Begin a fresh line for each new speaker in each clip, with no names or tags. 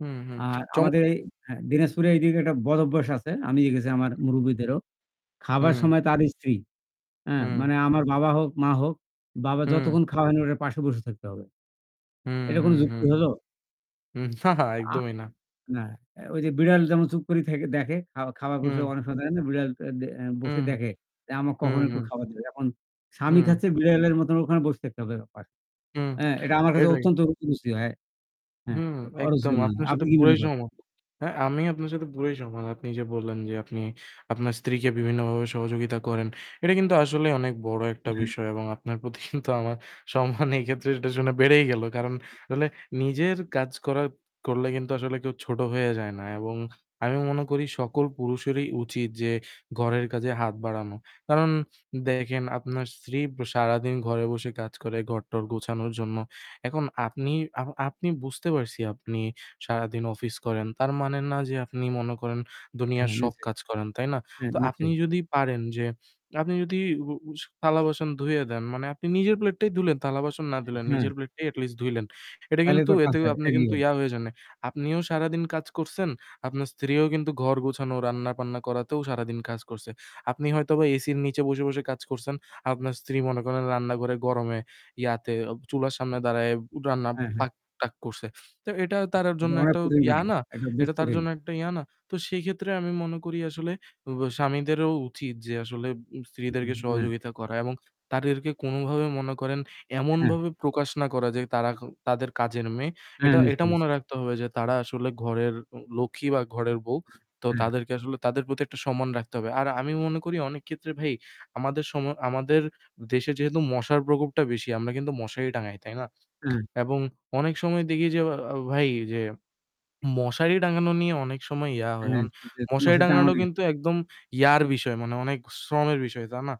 হুম, হুম।
আর আমাদের এই
চমকার।
হ্যা, দিনাজপুরে এইদিকে একটা বদভ্যাস আছে। আমি দেখেছি আমার
হুম।
মুরুব্বিদেরও। খাবার
হুম।
সময় তার স্ত্রী হ্যাঁ, মানে
হুম
আমার বাবা হোক, মা হোক। বাবা
হুম।
যতক্ষণ খাওয়ায় না, ওটার পাশে বসে থাকতে হবে।
হুম,
এটা কোন
হুম, হুম।
যুক্তি হলো?
হুম।
আ
একদমই না।
না, এ ওই যে বিড়াল যেমন চুপ করে থাকি দেখে খা খাবার কোন
হুম।
সময় অনেক সময় থাকে না বিড়াল আ এ বসে
হুম।
দেখে যে আমার
হুম,
কখনো একটু
হুম।
খাবার দেবে। এখন স্বামী
হুম।
খাচ্ছে বিড়ালের মতন ওখানে বসে থাকতে হবে পাশে।
হুম,
হ্যাঁ, এটা আমার কাছে
[unintelligible]
অত্যন্ত [unintelligible] রুচি হয়। হ্যাঁ,
হুম,
অরুচি
একদম
মনে হয়।
আপনার
আপনি
সাথে
কি মনে
পুরোই
করেন?
সহমত। হ্যাঁ, আমি আপনার সাথে পুরোই সহমত। আপনি যে বললেন যে আপনি আপনার স্ত্রীকে বিভিন্নভাবে সহযোগিতা করেন। এটা কিন্তু আসলেই অনেক বড় একটা
হ্যাঁ।
বিষয় এবং আপনার প্রতি কিন্তু আমার সম্মান এক্ষেত্রে এটা শুনে বেড়েই গেল। কারণ তাহলে নিজের কাজ করা করলে কিন্তু আসলে কেউ ছোট হয়ে যায় না। এবং আমি মনে করি সকল পুরুষেরই উচিত যে ঘরের কাজে হাত বাড়ানো। কারণ দেখেন আপনার স্ত্রী ব সারাদিন ঘরে বসে কাজ করে ঘর-টর গোছানোর জন্য। এখন আপনি আ আপনি বুঝতে পারছি আপনি সারাদিন অফিস করেন। তার মানে না যে আপনি মনে করেন দুনিয়ার
হ্যাঁ,
সব
নিশ্চয়ই।
কাজ করেন, তাই না?
হ্যাঁ,
তো আপনি
নিশ্চয়ই।
যদি পারেন যে আপনি যদি উ উ থালা-বাসন ধুয়ে দেন মানে আপনি নিজের প্লেটটাই ধুলেন, থালা-বাসন না
আ
দিলেন
হ্যাঁ।
নিজের প্লেটটাই at least ধুইলেন। এটা
তাইলে
কিন্তু
তোর
এতে
কাজটা
আপনি
এগিয়ে
কিন্তু ইয়া হয়ে জান নাই। আপনিও সারাদিন কাজ করছেন। আপনার স্ত্রীও কিন্তু ঘর গোছানো, রান্নাবান্না করাতেও সারাদিন কাজ করছে। আপনি হয়তোবা এসির নিচে বসে, বসে কাজ করছেন। আপনার স্ত্রী মনে করেন রান্নাঘরে গরমে ইয়াতে অব চুলার সামনে দাঁড়ায় রান্না
হ্যাঁ, হ্যাঁ।
পাক-টাক করছে। তো এটা তার
এটা
জন্য
অনেক
একটা
কঠিন
ইয়া
কিন্তু।
না?
এটা বেশ
এটা তার
কঠিন।
জন্য একটা ইয়া না? তো সেক্ষেত্রে আমি মনে করি আসলে উব স্বামীদেরও উচিত যে আসলে
হু,
স্ত্রীদেরকে
হুম। হ্যাঁ।
সহযোগিতা করা এবং তাদেরকে কোনো ভাবে মনে করেন
হ্যাঁ।
এমনভাবে প্রকাশ না করা যে তারা তাদের কাজের মেয়ে,
হ্যাঁ।
এটা এটা
নিশ্চয়, নিশ্চই।
মনে রাখতে হবে যে তারা আসলে ঘরের উ লক্ষ্মী বা ঘরের বউ, তো
হুম।
তাদেরকে আসলে তাদের প্রতি একটা সম্মান রাখতে হবে। আর আমি মনে করি অনেক ক্ষেত্রে ভাই আমাদের সমা আমাদের দেশে যেহেতু মশার প্রকোপটা বেশি আমরা কিন্তু মশারি টাঙাই, তাই না?
হুম।
এবং অনেক সময় দেখি যে আ ভাই যে মশারি টাঙানো নিয়ে অনেক সময় ইয়া
আ
হয়।
হ্যাঁ।
অন
যে
মশারি
মশারি টাঙ্গানো
টাঙানো
নিয়ে।
কিন্তু একদম ইয়ার বিষয়। মানে অনেক শ্রমের বিষয়, তাই না?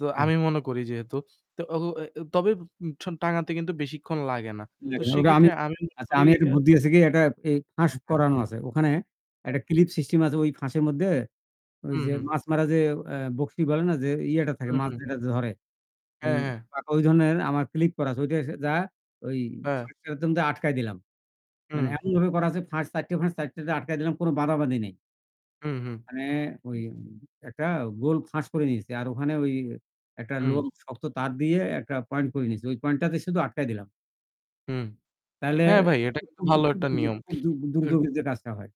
তো
হ্যাঁ।
আমি মনে করি যেহেতু ত এ তবে সন টাঙাতে কিন্তু বেশিক্ষণ লাগে না। তো
[unintelligible] ওটা
সেক্ষেত্রে
আমি
আমি মনে
আচ্ছা,
করি
আমি একটা
আ
বুদ্ধি দিয়েছি কি একটা ফে ফাঁস
হ্যাঁ, হ্যাঁ।
করানো আছে। ওখানে
হ্যা।
একটা ক্লিপ সিস্টেম আছে ওই ফাঁসের মধ্যে ঐ
হু,
যে
হু।
মাছ মারা যে এ বঁড়শি বলে না যে ইয়েটা থাকে মাছ
হুম।
যেটাতে ধরে এই
হ্যাঁ, হ্যাঁ।
পা ঐ ধরনের আমার ক্লিপ করা আছে। ঐটা আসে যা ওই
হ্যাঁ।
ফাঁস [unintelligible] মধ্যে আটকায় দিলাম। মানে
হুম।
এমনভাবে করা আছে ফাঁস ৪ ফাঁস, ৪ তে আটকায় দিলাম। কোন বাঁধাবাঁধি নাই।
হুম, হুম।
মানে ওই একটা গোল ফাঁস করে নিয়েছি। আর ওখানে ওই একটা
হুম।
লোক শক্ত তার দিয়ে একটা পয়েন্ট করে নিয়েছি। ওই পয়েন্টটাতে শুধু আটকায় দিলাম।
হুম।
তাহলে
হ্যাঁ ভাই, এটা কিন্তু
[unintelligible]
ভালো একটা নিয়ম। [unintelligible]
দুর্যোগের যে কাজটা হয়।